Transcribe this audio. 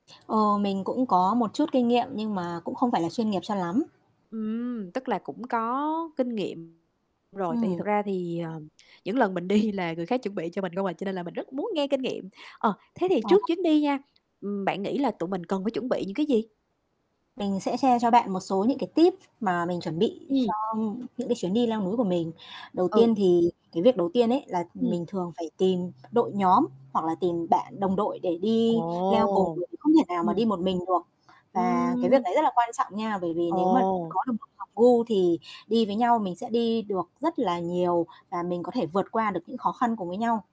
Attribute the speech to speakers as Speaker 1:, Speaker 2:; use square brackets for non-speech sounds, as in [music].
Speaker 1: Ờ, mình cũng có một chút kinh nghiệm, nhưng mà cũng không phải là chuyên nghiệp cho lắm.
Speaker 2: Ừm, tức là cũng có kinh nghiệm rồi, tại vì
Speaker 1: Ừm.
Speaker 2: thật ra thì, ờ, những lần mình đi là người khác chuẩn bị cho mình không à, cho nên là mình rất muốn nghe kinh nghiệm. Ờ, thế thì
Speaker 1: À.
Speaker 2: trước chuyến đi nha, ừm, bạn nghĩ là tụi mình cần phải chuẩn bị những cái gì?
Speaker 1: Mình sẽ share cho bạn một số những cái tip mà mình chuẩn bị
Speaker 2: Ừm.
Speaker 1: cho những cái chuyến đi leo núi của mình. Đầu
Speaker 2: Ừ.
Speaker 1: tiên thì cái việc đầu tiên ấy là
Speaker 2: Ừm.
Speaker 1: mình thường phải tìm đội nhóm, hoặc là tìm bạn đồng đội để
Speaker 2: Ồ.
Speaker 1: đi leo cùng, mình không thể nào mà
Speaker 2: Ừm.
Speaker 1: đi một mình được. Và cái việc
Speaker 2: Ừm.
Speaker 1: đấy rất là quan trọng nha bởi vì nếu mà
Speaker 2: Ồ.
Speaker 1: có được [unintelligible] hợp gu thì đi với nhau mình sẽ đi được rất là nhiều và mình có thể vượt qua được những khó khăn cùng với nhau.